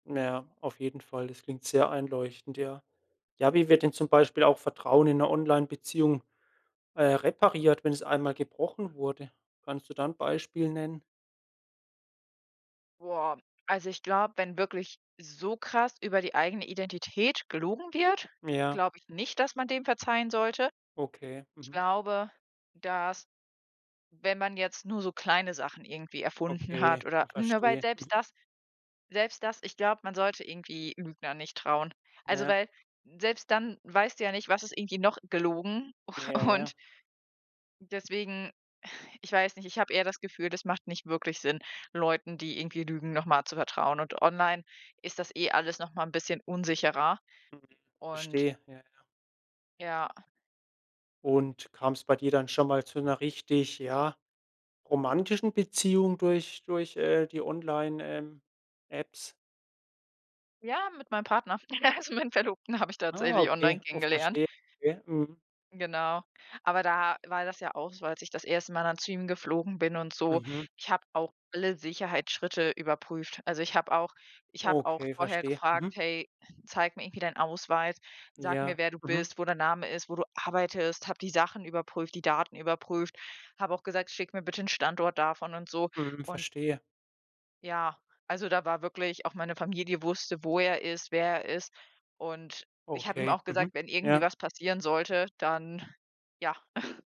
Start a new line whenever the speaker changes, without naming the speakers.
Na ja, auf jeden Fall. Das klingt sehr einleuchtend, ja. Ja, wie wird denn zum Beispiel auch Vertrauen in 'ner Onlinebeziehung, äh, repariert, wenn es einmal gebrochen wurde? Kannst du da 'n Beispiel nennen?
Boah. Also, ich glaube, wenn wirklich so krass über die eigene Identität gelogen wird
Ja.
glaube ich nicht, dass man dem verzeihen sollte.
Okay.
Ich
Mhm.
glaube, dass, wenn man jetzt nur so kleine Sachen irgendwie erfunden
Okay.
hat oder Ne? weil
Verstehe.
selbst
Mhm.
das selbst das ich glaub, man sollte irgendwie Lügner nicht trauen. Also,
Ja.
weil selbst dann weißt du ja nicht, was ist irgendwie noch gelogen
Ja,
u und
ja.
deswegen ich weiß nicht, ich hab eher das Gefühl, das macht nicht wirklich Sinn, Leuten, die irgendwie lügen, noch mal zu vertrauen, und online ist das eh alles noch mal 'n bisschen unsicherer,
Mhm.
und
Verstehe. Ja, ja.
Ja.
Und kam's bei dir dann schon mal zu 'ner richtig, ja, romantischen Beziehung durch durch, äh, die Online ähm, Apps?
Ja, mit meinem Partner. Also, meinen Verlobten habe ich
Ah,
tatsächlich online
okay. Oh,
kennengelernt.
verstehe. Okay. Mhm.
Genau, aber da war das ja auch so, als ich das erste Mal dann zu ihm geflogen bin und so.
Mhm.
Ich hab auch alle Sicherheitsschritte überprüft. Also, ich hab auch ich hab auch
Okay,
vorher
verstehe.
gefragt:
Mhm.
„Hey, zeig mir irgendwie deinen Ausweis, sag mir,
Ja.
wer du
Mhm.
bist, wo der Name ist, wo du arbeitest“, hab die Sachen überprüft, die Daten überprüft, hab auch gesagt: „Schick mir bitte 'n Standort davon“ und so.
Mhm.
Und
Verstehe.
ja, also da war wirklich auch meine Familie wusste, wo er ist, wer er ist. Und ich hab ihm
Okay.
auch
Mhm.
gesagt, wenn irgendwie
Ja.
was passieren sollte, dann ja.